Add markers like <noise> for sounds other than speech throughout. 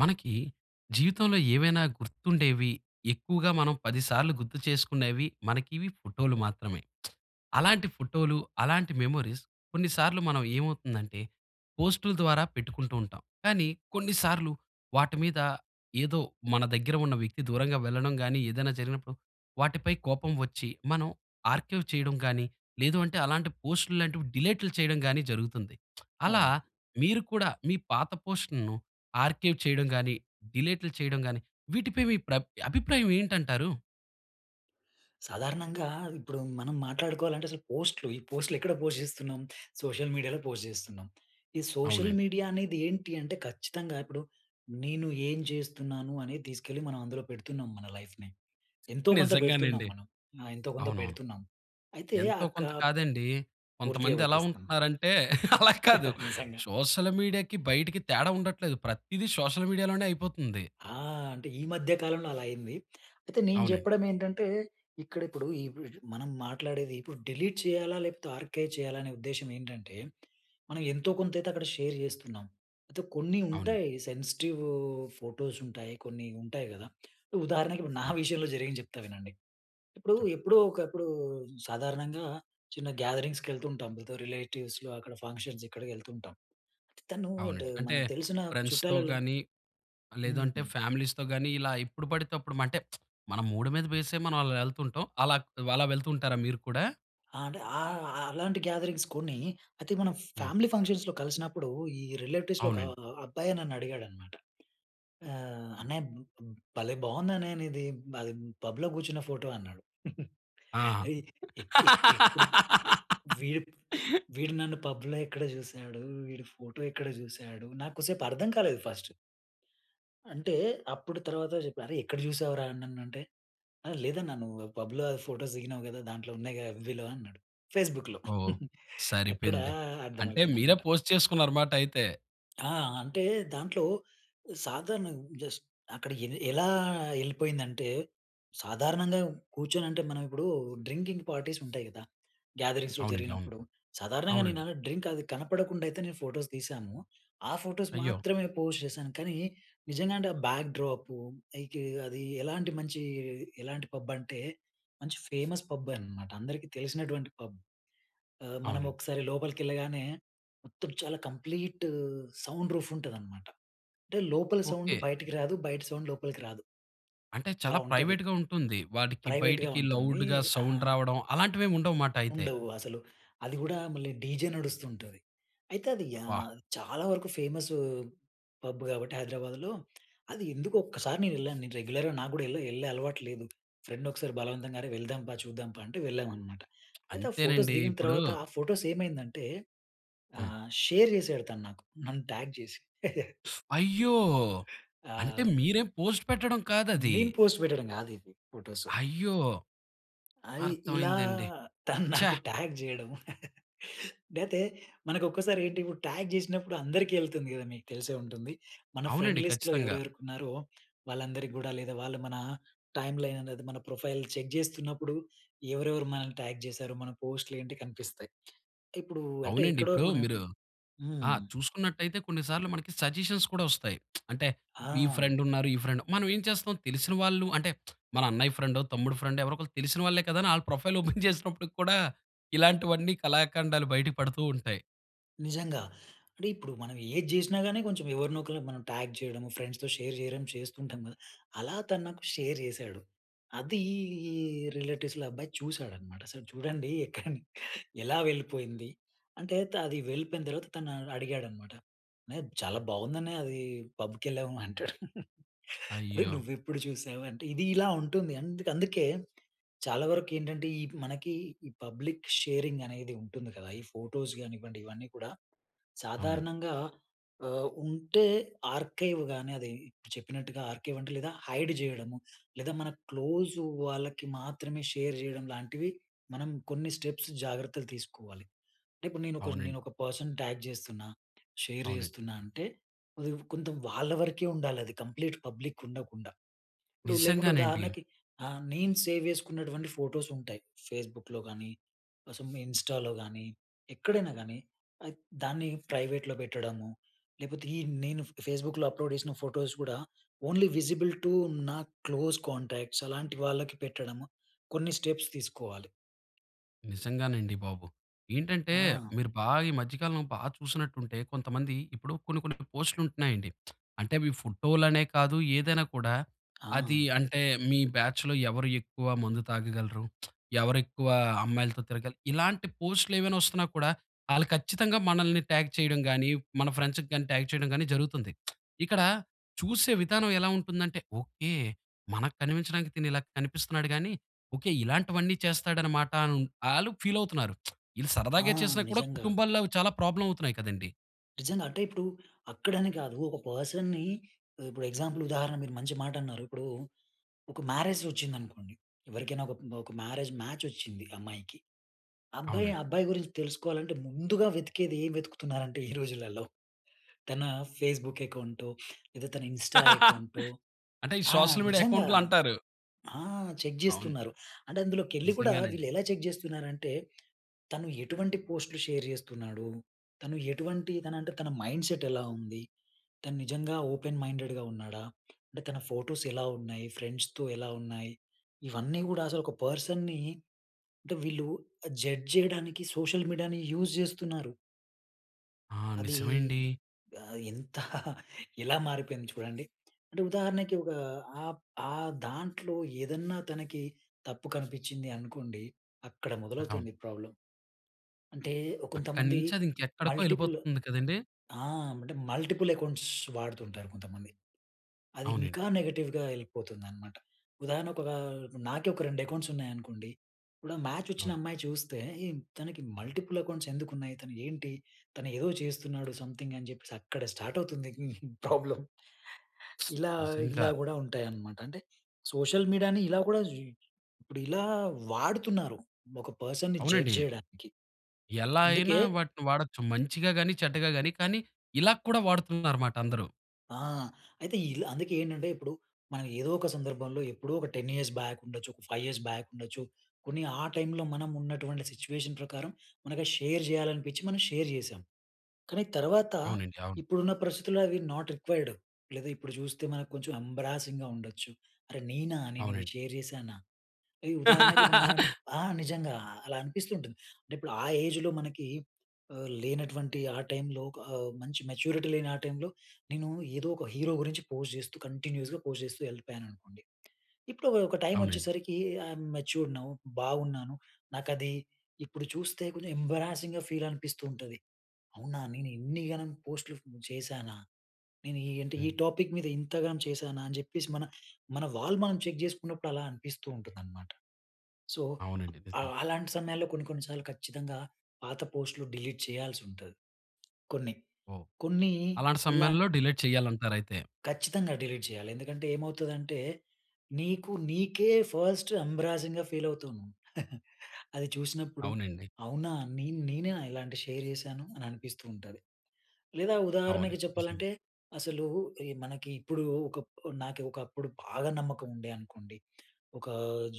మనకి, జీవితంలో ఏమైనా గుర్తుండేవి, ఎక్కువగా మనం, 10 సార్లు గుర్తు చేసుకునేవి మనకివి ఫోటోలు మాత్రమే. <smacks lips> అలాంటి ఫోటోలు, అలాంటి మెమోరీస్ కొన్ని సార్లు మనం ఏమవుతుందంటే, పోస్టులు ద్వారా పెట్టుకుంటూ ఉంటాం. కానీ, కొన్నిసార్లు వాటి మీద ఏదో మన దగ్గర ఉన్న వ్యక్తి దూరంగా వెళ్లడం గాని, ఏదైనా జరిగినప్పుడు వాటిపై కోపం వచ్చి, మనం ఆర్కైవ్ చేయడం గాని, లేదు అంటే అలాంటి పోస్టుల్లాంటివి డిలేట్లు చేయడం గాని, జరుగుతుంది. <smacks lips> అలా, అవునండి. మీరు కూడా మీ పాత పోస్ట్‌ల్ను ఆర్కైవ్ చేయడం గాని, డిలేట్లు చేయడం గాని వీటిపై మీ ప్ర అభిప్రాయం ఏంటంటారు? సాధారణంగా, ఇప్పుడు మనం మాట్లాడుకోవాలంటే అసలు పోస్ట్‌లు ఈ పోస్ట్‌లు ఎక్కడ పోస్ట్ జేస్తున్నాం? సోషల్ మీడియాల పోస్ట్ జేస్తున్నాం. ఈ సోషల్ అవునండి. మీడియా అనేదేంటి అంటే, ఖచ్చితంగా ఇప్పుడు నేను ఏం జేస్తున్నాను అనేది తెసుకెళ్ళి మనం అందులో పెడుతున్నాం, మన లైఫ్‌నే. ఎంతో, కొంత పెడుతున్నాం నిజంగానండి. మనం. ఆ! ఎంతో కొంత అవునవును. పెడుతున్నాం. అయితే, ఎంతో అక్క కొంత కాదండీ, పూర్తిగా కొంతమంది ఎలా పెట్టేస్తాను. ఉంటున్నారు అంటే, <chuckles> అలా కాదు, <chuckles> నిజంగా. సోషల్ మీడియాకి బయటికి తేడా ఉండట్లేదు. ప్రతిదీ సోషల్ మీడియా లోనే అయిపోతుంది. ఆ! అంటే ఈ మధ్య కాలంలో అలా అయింది. అయితే, నేను అవునండి. జెప్పడం ఏంటంటే ఇక్కడ, ఇప్పుడు ఇప్పుడ్ మనం మాట్లాడేది ఇప్పుడు డిలీట్ చేయాలా, లేకపోతే ఆర్కైవ్ చేయాలా అనే ఉద్దేశ్యం ఏంటంటే, మనం ఎంతో, కొంతైతే అక్కడ షేర్ జేస్తున్నాం. అయితే, కొన్ని అవునండి. ఉంటాయి సెన్సిటివూ ఫోటోస్ ఉంటాయి. కొన్ని ఉంటాయి కదా! <clicks tongue> ఉదాహరణకి, ఇప్పుడు నా అవును. విషయంలో జరిగింది జెప్తా వినండి. ఇప్పుడు చెప్పండి. ఎప్పుడో ఒకప్పుడు, సాధారణంగా చిన్న గ్యాదరింగ్స్ కెళ్తుంటాం. ఏదో రిలేటివ్స్‌లో, అక్కడ ఫంక్షన్స్ ఇక్కడికెళ్తుంటాం. తను అంటే, అవునండి. అంటే, మనకు తెలిసిన ఫ్రెండ్స్‌తో చుట్టాలలో గాని, లేదు అంటే హ్మ్. ఫ్యామిలీస్‌తో గాని ఇలా ఎప్పుడు పడితే అప్పుడు అంటే, <smacks lips> మన మూడ్ మీద బేస్ అయి మనం అలా వెళ్తుంటాం. అలా అలా వెళ్తూ ఉంటారా మీరు కూడా? ఆ! అంటే ఆహ్, ఆహ్, అలాంటి గ్యాదరింగ్స్ కొన్ని, అయితే మనం హ్మ్. ఫ్యామిలీ ఫంక్షన్స్‌లో కలిసినప్పుడు, ఈ రిలేటివ్స్‌లో ఒక అవునండి. ఆహ్, అబ్బాయే నన్నుడిగాడన్నమాట. ఆహ్, హ్మ్. "అన్నయ్య బ్ బ్ భలే బాగుందన్నయ్య నీది బ పబ్‌లో కూర్చున్న ఫోటో అన్నాడు." <chuckles> ఆహా! అయి ఎ ఎ ఎప్పుడు, <laughs> వీడు వీడు నన్ను పబ్‌లో ఎక్కడ చూసాడు, వీడు ఫోటో ఎక్కడ చూసాడు, నాకొసేపు అర్థం కాలేదు ఫస్టు. అంటే, అప్పుడు తర్వాత జెప్ప, "అరే! ఎక్కడ చూసావురా నన్నంటే," "లేదన్నా నువ్వు పబ్‌లో ఫోటోస్ దిగినావ్ కదా! దాంట్లో ఉన్నాయి కదా, ఎఫ్‌బి‌లో అన్నాడు. ఫేస్‌బుక్‌లో. ఓహ్! <chuckles> అక్కడ సరిపేంది. అంటే, అర్థమైపోయింది మీరే అన్నమాట. పోస్ట్ చేసుకున్నారు మాట అయితే. అ! అంటే దాంట్లో సాధారణంగా జస్ట్ అక్కడ ఎల్ ఎలా ఎళ్ళిపోయిందంటే, సాధారణంగా కూర్చొనంటే మనం ఇప్పుడు డ్రింకింగ్ పార్టీస్ ఉంటాయి గదా! గ్యాదరింగ్స్‌లో అవునండి, అవును. జరిగినప్పుడు. సాధారణంగా నేను అవునండి. డ్రింక్ అది కనపడకుండా అయితే నేను ఫోటోస్ తీశాము. ఆ ఫోటోస్ అయ్యో! మాత్రమే పోస్ట్ చేశాను. కానీ నిజంగా అంటే ఆ బ్యాక్ డ్రాప్ ఐతే అది ఎలాంటి మంచి ఎలాంటి పబ్ అంటే, మంచి ఫేమస్ పబ్బే అనమాట. అందరికీ తెలిసినటువంటి పబ్. ఆహ్, మనం అవునండి. ఒకసారి లోపలికెళ్ళగానే మొత్తం చాలా కంప్లీట్ సౌండ్ రూఫ్ ఉంటదనమాట. అంటే లోపల సౌండ్ ఓకే. బయటికి రాదు. బయట సౌండ్ లోపలికి రాదు. అంటే అలా చాలా ఉంటది. ప్రైవేట్‌గా ఉంటుంది. వాడికి ప్రైవేట్‌గా బయటికి ఉంటుంది. లౌడ్‌గా ఆ! సౌండ్ రావడం అలాంటివి ఏముండవు మాట అయితే. ఉండవు అసలు. అది గూడా మళ్ళీ డీజే నడుస్తూ ఉంటది. అయితే అది బ్బా! యాహ్! చాలా వరకు ఫేమసు పబ్ కాబట్టి హైదరాబాద్‌లో, అది ఎందుకొ ఒక్కసారి నే వెళ్ళాను. నేను రెగ్యులర్‌గా నాకు గూడా ఎల్లే ఎళ్ళే అలవాటు లేదు. ఫ్రెండ్ నొకసారి బలవంతంగా "అరే వెళ్దాంపా. చూద్దాంపా" అంటే వెళ్ళామనమాట. అయితే ఆ ఫోటోస్ అంతేనండి. దిగిన ఇప్పుడు తర్వాత ఆ ఫోటోస్ ఏమైందంటే, హ్మ్. ఆహ్, షేర్ చేసాడు తను నాకు. నన్ను ట్యాగ్ చేసి. <chuckles> అయ్యో! అంటే ఆ! మీరే పోస్ట్ పెట్టడం కాదది. నేను పోస్ట్ పెట్టడం కాదిది ఫోటోసు. అయ్యో! అయ్ ఇలా అర్థమైందండి. తను ఛా! నాకు ట్యాగ్ చేయడం. లేతే మనకొక్కసారి ఏంటి ఇప్పుడు ట్యాగ్ చేసినప్పుడు అందరికీ ఎళ్తుంది గదా! మీకు తెలిసే ఉంటుంది. మన అవునండి. ఫ్రెండ్‌లిస్ట్‌లో ఖచ్చితంగా. ఎవరెవరుకున్నారో వాళ్ళందరికి గూడా లేదా వాళ్ళు మన టైమ్‌లైన్ అనేది మన ప్రొఫైల్ చెక్ చేస్తున్నప్పుడు ఎవరెవరు మనల్ని ట్యాగ్ చేసారు? మన పోస్ట్‌లు ఏంటి కనిపిస్తాయి. ఇప్పుడు అంటే అవునండి. ఎక్కడో ఇప్పుడు మనం మీరు ఆహ్, హ్మ్. చూసుకున్నట్టయితే కొన్ని సార్లు మనకి సజెషన్స్ కూడా వొస్తాయి. <smacks lips> అంటే ఈ ఆ! ఫ్రెండ్ ఉన్నారు. ఈ ఫ్రెండ్ మనం ఏం చేస్తాం తెలిసిన వాళ్ళు అంటే, <smacks lips> మన అన్నయ్య ఫ్రెండో తమ్ముడు ఫ్రెండో ఎవరో ఒకరు తెలిసిన వాళ్ళే కదా! అని ఆళ్ల ప్రొఫైల్ ఓపెన్ చేసినప్పుడు కూడా ఇలాంటివన్నీ కళాఖండాలు బయట పడుతూ ఉంటయి. నిజంగా. అంటే, ఇప్పుడు మనం ఏది జెసినా గాని, కొంచెం ఎవరినో ఒకల్ని మనం ట్యాగ్ చేయడము, ఫ్రెండ్స్‌తో షేర్ చేయడం చేస్తుంటాం కదా! అలా తను నాకు షేర్ చేశాడు. అదీ రిలేటివ్స్‌ల అబ్బాయి చూసాడన్నమాట. అసలు చూడండి, <chuckles> ఎక్కడ ఎలా వెళ్ళిపోయింది. అంటే త అది వెళ్ళిపోయిన తర్వాత, తను అడిగాడన్నమాట. "అన్నయ్య చాలా బావుందన్నయ్య అది పబ్ కెళ్ళాము" అంటాడు. <chuckles> అరేయ్! అయ్యో! నువ్వు ఎప్పుడు చూసావు, అంటే ఇది ఇలా ఉంటుంది. అంద అందుకే చాలా వరకేంటంటే, ఈ మనకి ఈ పబ్లిక్ షేరింగ్ అనేది ఉంటుంది కదా! ఈ ఫోటోస్ గానివ్వండి, ఇవన్నీ కూడా అవునండి. సాధారణంగా ఆహ్, ఉంటే ఆర్కైవ్ గాని, అది చెప్పినట్టుగా ఆర్కైవ్ అంటే లేదా, హైడ్ చేయడము, లేదా మన క్లోజు వాళ్ళకి మాత్రమే షేర్ జెయడం, లాంటివి మనం కొన్ని స్టెప్స్ జాగ్రత్తలు తీసుకోవాలి. అంటే, ఇప్పుడు నేను ఒకర్ అవునండి. నేను ఒక పర్సన్ ట్యాగ్ చేస్తున్నా, షేర్ అవునండి. చేస్తున్నా అంటే, అది కొంచెం వాళ్ళ వరకే ఉండాలి అది. కంప్లీట్ పబ్లిక్ ఉండకుండా. ఇప్పుడు లేకుంటే, నిజంగానండి. ఉదాహరణకి ఆహ్, నేను సేవ్ చేసుకున్నటువంటి ఫోటోస్ ఉంటాయి. ఫేస్‌బుక్‌లో గానీ, ఆహ్, సం ఇన్‌స్టా‌లో గానీ, ఎక్కడైనా గానీ అద్ దాన్ని ప్రైవేట్‌లో పెట్టడము, లేపోతే, ఈ నేను ఫ్ ఫేస్‌బుక్‌లో అప్‌లోడ్ చేసిన ఫోటోస్ గూడా, ఓన్లీ విజిబుల్ టు నా క్లోజ్ కాంటాక్ట్స్ అలాంటి వాళ్ళకి పెట్టడము, కొన్ని స్టెప్స్ తీసుకోవాలి. నిజంగానండి బాబు. ఏంటంటే ఆ! మీరు బా ఈ మధ్య కాలంలో బా చూసినట్టుంటే కొంతమంది ఇప్పుడు కొన్ని కొన్ని ఇపుడు పోస్ట్‌లుంటున్నాయండి. <smacks lips> అంటే అవి ఫోటోలనే కాదు ఏదైనా కూడా అది ఆ! అంటే మీ బ్యాచ్‌లో ఎవరు ఎక్కువ మందు తాగగలరు, <smacks lips> ఎవరు ఎక్కువ అమ్మాయిలతో తిరగలరు. ఇలాంటి పోస్ట్‌లేవైనా వస్తున్నా కూడా ఆళ్ళు ఖచ్చితంగా మనల్ని ట్యాగ్ చేయడం గాని మన ఫ్రెండ్స్‌కి గాని ట్యాగ్ చేయడం గాని జరుగుతుంది. <smacks lips> ఇక్కడ చూసే విధానం ఎలా ఉంటుందంటే ఓకే. మనకు కనిపించడానికి తిను ఇలా కనిపిస్తున్నాడు గానీ ఓకే. ఇలాంటివన్నీ చేస్తాడనమాట. అను ఆళ్ళూ ఫీల్ అవుతున్నారు. <smacks lips> వీళ్ళు ఆ! సరదాగా చేసినా కూడా నిజంగా. కుటుంబాల్లో చాలా ప్రాబ్లమ్ అవుతున్నాయి కదండీ! నిజంగా అంటే ఇప్పుడు అక్కడ అని గాదు. ఒక పర్సన్‌ని ఉ ఇప్పుడు ఎగ్జాంపుల్ ఉదాహరణ మీరు మంచి మాట అన్నారు. ఇప్పుడు ఒక మ్యారేజ్ వచ్చిందనుకోండి, ఎవరికైనా ఒక, ఒక మ్యారేజ్ మ్యాచ్ వచ్చింది అమ్మాయికి. అబ్బాయి, అవునండి. అబ్బాయి గురించి తెలుసుకోవాలంటే ముందుగా వెతికేది ఏం వెతుకుతున్నారంటే <chuckles> ఈ రోజులల్లో తన ఫేస్‌బుక్ అకౌంటో లేదా తన ఇన్స్టా <laughs> అకౌంటో అంటే ఈ ఆ! సోషల్ మీడియా నిజంగా అకౌంట్లు అంటారు. ఆ! చెక్ అవును. జేస్తున్నారు. అంటే అందులోకెళ్లి గూడా నిజంగానండి. వీళ్ళెలా చెక్ జేస్తున్నారంటే తను ఎటువంటి పో‌స్ట్‌లు షేర్ చేస్తున్నాడు. తను ఎటువంటి తన అంటే తన మైండ్ సెట్ ఎలా ఉంది. తను నిజంగా ఓపెన్ మైండెడ్‌గా ఉన్నాడా? అంటే తన ఫోటోస్ ఎలా ఉన్నాయి? ఫ్రెండ్స్‌తో ఎలా ఉన్నాయి? ఇవన్నీ కూడా అసలు ఒక పర్సన్‌ని అంటే వీళ్ళు జడ్జ్ చేయడానికి సోషల్ మీడియాని యూజ్ జేస్తున్నారు. ఆ! అది నిజమేండి. ఆహ్, ఎంత <laughs> ఎలా మారిపోయింది చూడండి. అంటే ఉదాహరణకి ఒక ఆ ఆ దాంట్లో ఏదన్నా తనకి తప్పు కనిపిచ్చింది అనుకోండి. అక్కడ మొదలవుతుంది ప్రాబ్లమ్. అంటే ఒ అక్కడి కొంతమంది నుంచి అది ఇంక ఎక్కడికో మల్టిపుల్ వెళ్ళిపోతుంది కదండీ. ఆ! అంటే మల్టిపుల్ అక్కౌంట్స్ వాడుతుంటారు కొంతమంది. అది అవునండి. ఇంకా నెగెటివ్‌గా వెళ్ళిపోతుందన్నమాట. ఉదాహరణకు ఒక నాకే ఒక 2 అకౌంట్స్ ఉన్నాయనుకోండి. ఇప్పుడు మ్యాచ్ వచ్చిన అవును. అమ్మాయి చూస్తే ఏం తనకి మల్టిపుల్ అకౌంట్స్ ఎందుకు ఉన్నాయి? తను ఏంటి? తను ఏదో చేస్తున్నాడు సంథింగ్ అని చెప్పేసి అక్కడ స్టార్ట్ అవుతుంది ప్రాబ్లమ్. ఇలా నిజంగా. ఇలా కూడా ఉంటాయన్నమాట. అంటే సోషల్ మీడియాని ఇలా కూడా ఇప్పుడు ఇలా వాడుతున్నారు. ఒక పర్సన్‌ని జడ్జ్ అవునండి. జేయడానికి ఎలా అయినా అందుకే వాటిని వాడొచ్చు మంచిగా గాని, చెడ్డగా గాని కానీ ఇలా కూడా వాడుతున్నారు అన్నమాట అందరూ. ఆ! అయితే ఇలు అందుకే ఏంటంటే ఇప్పుడు మనం ఏదో ఒక సందర్భంలో ఎప్పుడో ఒక 10 ఇయర్స్ బ్యాక్ ఉండొచ్చు. ఒక 5 ఇయర్స్ బ్యాక్ ఉండొచ్చు. కొన్ని ఆ టైంలో మనం ఉన్నటువంటి సిట్యుయేషన్ ప్రకారం మనకు షేర్ జేయాలనిపించి మనం షేర్ జేశాం. కానీ తర్వాత అవునండి. అవును. ఇప్పుడున్న పరిస్థితుల్లో అవి నాట్ రిక్వైర్డ్ లేదా ఇప్పుడు జూస్తే మనకు కొంచెం ఎంబారసింగ్‌గా ఉండచ్చు. అరె! నేనా? నేను ఇవి అవునండి. షేర్ జేశానా? ఈ ఉదాహరణకి ఇప్పుడు న <laughs> ఆ! నిజంగా అలా అనిపిస్తూ ఉంటుంది. అంటే ఇప్పుడు ఆ ఏజ్‌లో మనకి ఆహ్, లేనటువంటి ఆ టైంలో ఆహ్, మంచి మెచ్యూరిటీ లేని ఆ టైంలో నేను ఏదో ఒక హీరో గురించి పోస్ట్ జేస్తూ కంటిన్యూయస్‌గా పోస్ట్ జేస్తూ వెళ్ళిపోయాననుకోండి. ఇప్పుడు ఒక టైమ్ అవునండి. వచ్చేసరికి ఐయమ్ మెచ్యూర్డ్ నౌ బావున్నాను. నాకది ఇప్పుడు జూస్తే కొంచెం ఎంబారసింగ్‌గా ఫీల్ అనిపిస్తూ ఉంటది. అవునా! నేను ఇన్నిగనం పోస్ట్‌లు చేశానా? నేను ఈ అంటే ఈ హ్మ్. టాపిక్ మీద ఇంతగనం చేసానా? అని చెప్పేసి మన వాల్ మనం చెక్ చేసుకున్నప్పుడు అలా అనిపిస్తూ ఉంటుందన్నమాట. సో అవునండి. ఆ నిజంగా. అలాంటి సమయాల్లో కొన్ని కొన్ని సార్లు ఖచ్చితంగా పాత పోస్ట్‌లు డిలీట్ చేయాల్సి ఉంటది. కొన్ని. ఓహ్! కొన్నీ అలాంటి ఇలాం సమయంలో డిలీట్ చేయాలి అంటారయితే. ఖచ్చితంగా డిలీట్ చేయాలి. ఎందుకంటే ఏమవుతదంటే నీకు నీకే ఫస్ట్ ఎంబ్రాసింగ్‌గా ఫీల్ అవుతుంది. <laughs> అది చూసినప్పుడు అవునండి. అవునా! నేన్ నేనేనా ఇలాంటి షేర్ చేశాను? అని అనిపిస్తూ ఉంటది. లేదా అవునండి ఉదాహరణకి నిజంగా. చెప్పాలంటే అసలు ఈ మనకి ఇప్పుడు ఒక నాకి ఒకప్పుడు బాగా నమ్మకం ఉండే అనుకోండి. ఒకా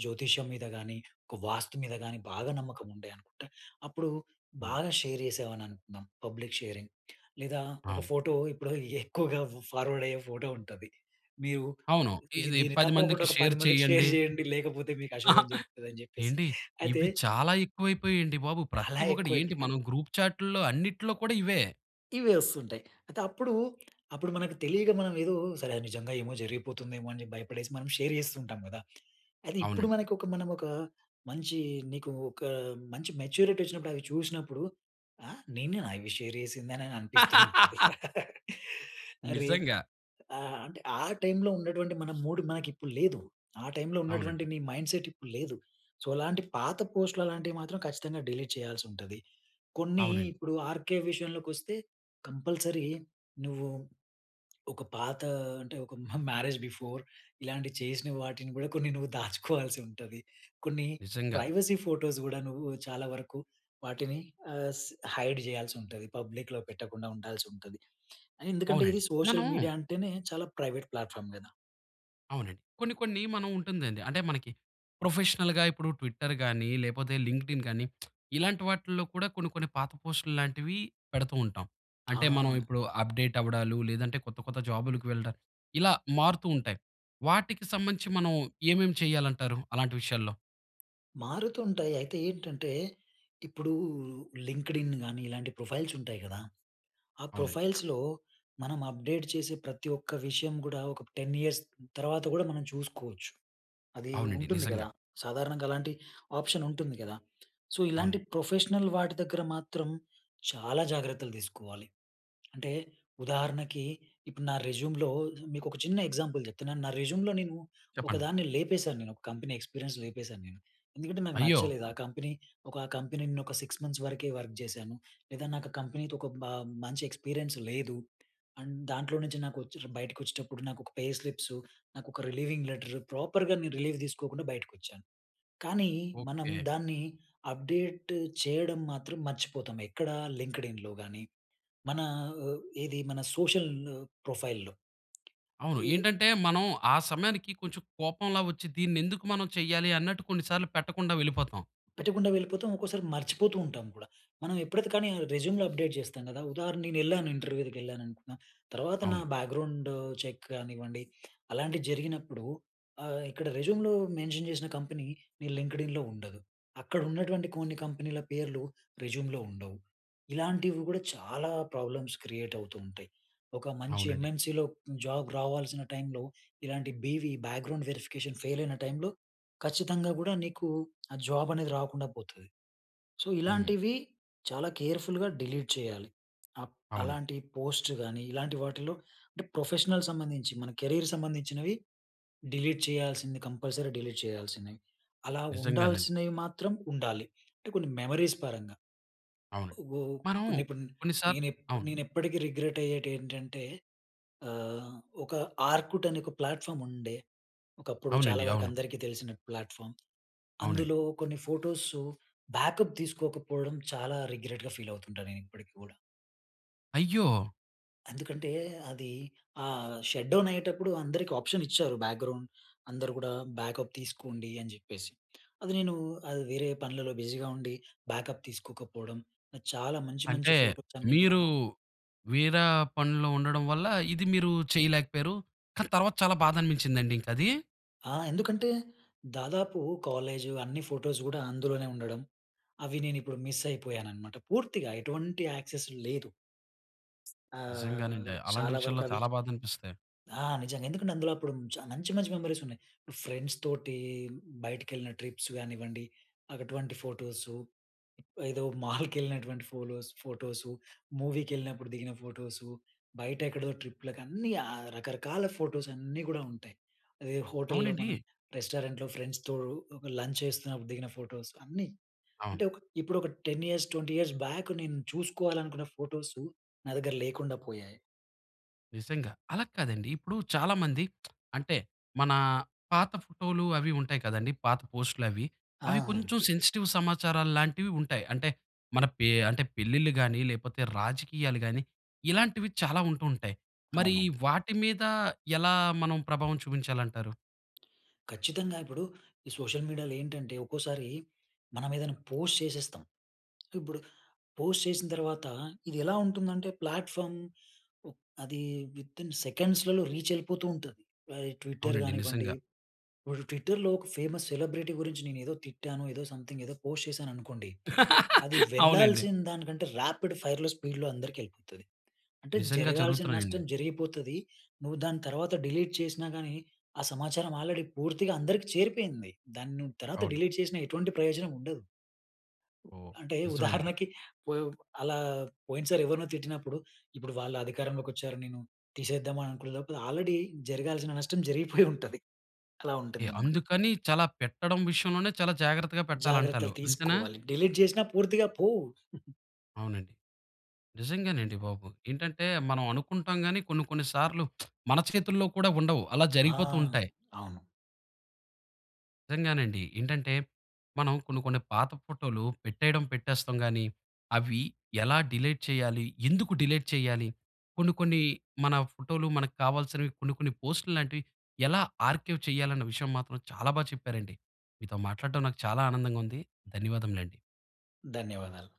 జ్యోతిష్యం మీద గాని, ఒక వాస్తు మీద గాని బాగా నమ్మకం ఉండే అనుకుంటే, అప్పుడు హ్మ్. బాగా షేర్ చేశామని అనుకుందాం పబ్లిక్ షేరింగ్. లేదా ఒక అవును. ఫోటో ఇప్పుడు <chuckles> ఎక్కువగా ఫార్వర్డ్ అయ్యే ఫోటో ఉంటది. మీరు అవును ఇది ఇది దీన్ని 10 తప్పకుండా మందికి ఒక 10 షేర్ మందికి <chuckles> షేర్ చేయండి. చేయండి. లేకపోతే మీకు అశుభం జరుగుతది అని జెప్పేసి. ఏండి అయితే ఇవి చాలా ఎక్కువైపోయాయండి బాబు! ప్రతి అలా ఒక్కటి ఎక్కువ అయిపో ఏంటి అం మనం గ్రూప్‌చాట్‌ల్లో అన్నిట్లో కూడా ఇవే. ఇవే వస్తుంటాయి. అయితే అప్పుడు, అప్పుడు మనకు తెలియక మనం ఎదో సరే! అది నిజంగా ఏమో జరిగిపోతుందేమో అని జెప్పి భయపడేసి మనం షేర్ జేస్తూ ఉంటాం గదా! అయితే ఇప్పుడు అవునండి. మనకొక మనం ఒక మంచి, నీకు ఒక మంచి మెచ్యూరిటీ వచ్చినప్పుడు, అవి చూషినప్పుడు ఆహ్, నెనేనా అవి షేర్ జేసింది? అని అనిపిస్తూ ఉంటది. <laughs> <laughs> అరే! నిజంగా. ఆ! అంటే ఆ టైంలో ఉన్నటువంటి మన మూడ్ మనకి ఇప్పుడు లేదు. ఆ టైంలో ఉన్నటువంటి అవునండి. నీ మైండ్ సెట్ ఇప్పుడు లేదు. సో, అలాంటి పాత పోస్ట్‌‌‌లు అలాంటివి మాత్రం ఖచ్చితంగా డిలీట్ చేయాల్సి ఉంటది. కొన్ని అవునండి. ఇప్పుడు ఆర్‌కె విషయంలోకి వస్తే కంపల్సరీ నువ్వు ఒక పాత అంటే, ఒక మహ్ మ్యారేజ్ బిఫోర్ ఇలాంటివి చేసిన వాటిని కూడా కొన్ని నువ్వు దాచుకోవాల్సి ఉంటది. కొన్ని నిజంగా. ప్రైవసీ ఫోటోస్ గూడా నువ్వు చాలా వరకు వాటిని ఆహ్, స్ హైడ్ చేయాల్సి ఉంటది. పబ్లిక్‌లో పెట్టకుండా ఉండాల్సి ఉంటది. ఎందుకంటే ఇది అవునండి. మనం సోషల్ మీడియా అంటేనే చాలా ప్రైవేట్ ప్లాట్ ‌ఫార్మ్ గదా! అవునండి. కొన్ని, కొన్ని మనం ఉంటుందండి. అంటే మనకి ప్రొఫెషనల్‌గా ఇప్పుడు ట్విట్టర్ గాని, లేపోతే లింక్డ్‌ఇన్ గానీ <smacks lips> ఇలాంటి వాటిల్లో కూడా కొన్ని, కొన్ని పాత పోస్ట్‌లు లాంటివి పెడుతూ ఉంటాం. అంటే, మనం ఆ! ఇప్పుడు అప్‌డేట్ అవ్వడాలు లేదంటే కొత్త, కొత్త జాబులకి వెళ్ళడం ఇలా మారుతూ ఉంటాయి. వాటికి సంబంధించి మనం ఏమేం చేయాలంటారు? అలాంటి విషయాల్లో. మారుతుంటాయి. అయితే ఏంటంటే, ఇప్పుడూ లింక్డ్ఇన్ గానీ, ఇలాంటి ప్రొఫైల్స్ ఉంటాయి కదా! ఆ అవునండి. ప్రొఫైల్స్‌లో మనం అప్డేట్ చేసే, ప్రతి ఒక్క విషయం కూడా ఒక 10 ఇయర్స్ తర్వాత కూడా మనం చూసుకోవచ్చు. అది అవునండి. ఉంటుంది నిజంగా. కదా! సాధారణంగా అలాంటి ఆప్షన్ ఉంటుంది కదా! సో, ఇలాంటి అవునండి. ప్రొఫెషనల్ వాటి దగ్గర మాత్రం, చాలా జాగ్రత్తలు తీసుకోవాలి. అంటే, ఉదాహరణకి ఇప్పుడు నా రెజ్యూమ్‌లో ఆహ్, మీకోక చిన్న ఎగ్జాంపుల్ చెప్తున్నాను. నా రెజ్యూమ్‌లో నేను ఒక చెప్పండి. దాన్ని లేపేశాను. నేను ఒక కంపెనీ ఎక్స్పీరియన్స్ లేపేశాను నేను. ఎందుకంటే, నాకు అయ్యో! నచ్చలేదు ఆ కంపెనీ. ఒక కంపెనీ న్ ఒక 6 మంత్స్ వరకే వర్క్ చేశాను. లేదా నాకా కంపెనీ‌తో ఒక బ మంచి ఎక్స్పీరియన్స్ లేదు. అండ్ దాంట్లో నుంచి నాకొచ్చిర్ బయటకి వచ్చేటప్పుడు నాకోక పే స్లిప్సు, నాకోక రిలీవింగ్ లెటర్, ప్రోపర్‌గా నేను రిలీవ్ తీసుకోకుండా బయటికొచ్చాను. కానీ మనం ఓకె. దాన్ని అప్డేట్ చేయడం మాత్రం మర్చిపోతాం. ఎక్కడా? లింక్డ్ ఇన్‌లో గాని, మన ఒ ఏది? మన సోషల్ న్ ప్రొఫైల్‌లో. అవును. ఏహ్! ఏంటంటే, మనం ఆ సమయానికి కొంచెం కోపంలా వచ్చి, దీంనెందుకు మనం చేయ్యాలి? అన్నట్టు కొన్ని సార్లు పెట్టకుండా వెళ్ళిపోతాం. పెట్టకుండా వెళ్ళిపోతాం. ఒక్కోసారి మర్చిపోతూ ఉంటాం కూడా! మనం ఎప్పుడైతే, కానీ రెజ్యూమ్‌లో అప్డేట్ చేస్తాం కదా! ఉదాహరణ, నేను వెళ్ళాను. ఇంటర్వ్యూలకి వెళ్ళాను అనుకున్నా. తర్వాత నా అవును. బ్యాక్గ్రౌండు చెక్ కానివ్వండి. అలాంటివి జరిగినప్పుడు, ఆహ్, ఇక్కడ రెజ్యూమ్‌లో మెన్షన్ చేసిన కంపెనీ నీ లింక్డ్ఇన్‌లో ఉండదు. అక్కడ ఉన్నటువంటి కొన్ని కంపెనీల పేర్లు రెజ్యూమ్‌లో ఉండవు. ఇలాంటివి కూడా, చాలా ప్రాబ్లమ్స్ క్రియేట్ అవుతూ ఉంటాయి. ఒక మంచి అవునండి. ఎమ్‌ఎన్‌‌సి‌లో జాబ్ రావాల్సిన టైమ్‌లో ఇలాంటి బివి, బ్యాక్గ్రౌండ్ వెరిఫికేషన్ ఫెయిల్ అయిన టైమ్‌‌లో ఖచ్చితంగా! కూడా నీకూ ఆ జాబ్ అనేది రాకుండా పోతది. సో, హ్మ్. ఇలాంటివి చాలా కేర్‌ఫుల్‌గా డిలీట్ చేయాలి. అప్ అవునండి. అలాంటి పోస్ట్ గాని ఇలాంటి వాటిల్లో అంటే, ప్రొఫెషనల్ సంబంధించి, మన కెరియర్ సంబంధించినవి డిలీట్ చేయాల్సింది, కంపల్సరీ డిలీట్ చేయాల్సినయి. అలా నిజంగానండి. ఉండాల్సినవి, మాత్రం ఉండాలి. అంటే, కొన్ని మెమరీస్ పరంగా. అవును. ఓవ్ మనం కొన్నీ, ఇపన్ కొన్ని సార్ నేను ఎప్ అవును. నేను ఎప్పటికి రిగ్రెట్ అయ్యేటెంటంటే, ఆహ్, ఒక ఆర్కుట్ అనే ఒక ప్లాట్ఫార్మ్ ఉండే, ఒకప్పుడు. చాలా అవునండి. వరకు అవును. అందరికి తెలిసిన ప్లాట్ఫామ్ అవునండి. అందులో కొన్ని ఫోటోసు బ్యాకప్ తీసుకోకపోవడం, చాలా రిగ్రెట్‌గా ఫీల్ అవుతుంటా, నేను ఇప్పటికి కూడా. అయ్యో! ఎందుకంటే, అది ఆహ్, షట్‌డౌన్ అయ్యేటప్పుడు అందరికి ఆప్షన్ ఇచ్చారు. బ్యాక్గ్రౌండ్, అందరు కూడా బ్యాకప్ తీసుకోండి, అని చెప్పేసి. అది నేను వేరే పనులలో బిజీగా ఉండి, బ్యాకప్ తీసుకోకపోవడం, చాలా మంచి మంచి అంటే, ఫోటోస్ అన్ని కూడా మీరు వేర పనులు ఉండడం వల్ల, ఇది మీరు చేయలేకపోయారు. కానీ, తర్వాత చాలా బాధ అనిపించిందాండి, ఇంకా అది? ఆ! ఎందుకంటే దాదాపు కాలేజ్, అన్ని ఫోటోస్ కూడా అందులోనే ఉండడం. అవి నేను ఇప్పుడు మిస్ అయిపోయానన్నమాట. పూర్తిగా ఎటువంటి యాక్సెస్ లేదు. ఆహ్, నిజంగానండి. అలాంటి చాలా వరకు విషయాల్లో అవి చాలా బాధ అనిపిస్తాయి. ఆ! నిజంగా. ఎందుకంటే, అందులో అప్పుడు చ మంచి, మంచి మెమరీస్ ఉన్నాయి. ఫ్రెండ్స్‌తోటి, బయటికి వెళ్ళిన ట్రిప్స్ కానివ్వండి, అటువంటి ఫోటోసు, ఏదో <chuckles> మాల్‌కి వెళ్ళినటువంటి ఫోలోస్ ఫోటోసు, మూవీకి వెళ్ళినప్పుడు దిగిన ఫోటోసు, బయట ఎక్కడో ట్రిప్‌ల కన్ని, ఆహ్, రకరకాల ఫోటోస్ అన్నీ కూడా ఉంటాయి. అదే హోటల్‌లో మనం, అవునండీ. రెస్టారెంట్‌లో ఫ్రెండ్స్‌తో ఒక లంచ్ చేస్తున్నప్పుడు దిగిన ఫోటోస్, అన్నీ. అవును. అంటే, ఒక ఇప్పుడు ఒక 10 ఇయర్స్ 20 ఇయర్స్ బ్యాక్ నేను చూసుకోవాలనుకున్న ఫోటోసు, నా దగ్గర లేకుండా పోయాయి. నిజంగా. అలా కాదండి, ఇప్పుడు చాలామంది <smacks lips> అంటే, మన పాత ఫోటోలు, అవి ఉంటాయి కదండీ! పాత పోస్ట్‌లవి. అవి ఆ! కొంచెం సెన్సిటివ్ సమాచారాలాంటివి ఉంటాయి. అంటే, మన పే అంటే పెళ్లిళ్లు గాని, లేకపోతే రాజకీయాలు గాని, ఇలాంటివి చాలా ఉంటూ ఉంటాయి. మరి అవును. వాటి మీద, ఎలా మనం ప్రభావం చూపించాలంటారు? ఖచ్చితంగా ఇప్పుడు, ఈ సోషల్ మీడియాలో ఏంటంటే, ఒక్కోసారి మనం ఏదైనా పోస్ట్ చేసేస్తం. ఇప్పుడు పోస్ట్ చేసిన తర్వాత, ఇది ఎలా ఉంటుందంటే ప్లాట్ఫార్మ్ ఆహ్, అది వితిన్ సెకండ్స్‌లలో రీచ్ వెళ్ళిపోతూ ఉంటది. ఆహ్, ఈ ట్విట్టర్ అవునండి, కానివ్వండి, నిజంగా. ఇప్పుడు ట్విట్టర్‌లో ఒక ఫేమస్ సెలబ్రిటీ గురించి నేను ఏదో తిట్టాను, ఏదో సంథింగ్ ఏదో పోస్ట్ చేశాను అనుకోండి. అది <laughs> అవునండి. వెళ్ళాల్సిన దానికంటే, రాపిడ్ ఫైర్‌లో, స్పీడ్‌లో అందరికి వెళ్ళిపోతది. అంటే నిజంగా, జరగాల్సిన జరుగుతున్నాయండి. నష్టం జరిగిపోతది. నువ్వు దాని తర్వాత డిలీట్ చేసినా గాని, ఆ సమాచారం ఆల్రెడీ పూర్తిగా అందరికి చేరిపోయింది. దాన్ని నువ్వు తర్వాత అవును. డిలీట్ చేసిన ఎటువంటి ప్రయోజనం ఉండదు. ఓహ్! అంటే, నిజం అండి. ఉదాహరణకి పోయో అలా పోయినసారి ఎవరినో తిట్టినప్పుడు, ఇప్పుడు వాళ్ళ అధికారంలోకి వచ్చారు. నేను తీసేద్దాం అని అననుకునేలోపలా ఆల్రెడీ జరగాల్సిన నష్టం జరిగిపోయి <chuckles> ఉంటది. అలా కే ఉంటుందన్నమాట. అందుకని చాలా పెట్టడం విషయంలోనే, చాలా జాగ్రత్తగా పెట్టాలంటారు జాగ్రత్తలు అంతేనా? తీసుకోవాలి. డిలీట్ చేసినా పూర్తిగా పోవు. <chuckles> అవునండి. నిజంగానండి బాబు. ఏంటంటే, మనం అనుకుంటాం కానీ కొన్ని, కొన్ని సార్లు <smacks lips> మన చేతుల్లో కూడా ఉండవు. అలా ఆ! జరిగిపోతూ ఉంటాయి. అవును. నిజంగానండి. ఏంటంటే, మనం కొన్ని, కొన్ని పాత ఫోటోలు పెట్టేయడం, పెట్టేస్తాం కానీ, అవి ఎలా డిలేట్ చేయాలి? ఎందుకు డిలేట్ చేయాలి? కొన్ని, కొన్ని మన ఫోటోలు మనకు కావాల్సినవి కొన్ని, కొన్ని పోస్టులు లాంటివి ఎలా ఆర్కైవ్ చేయాలన్న విషయం మాత్రం, చాలా బాగా చెప్పారండి. మీతో మాట్లాడడం, నాకు చాలా ఆనందంగా ఉంది. ధన్యవాదములండి. ధన్యవాదాలు.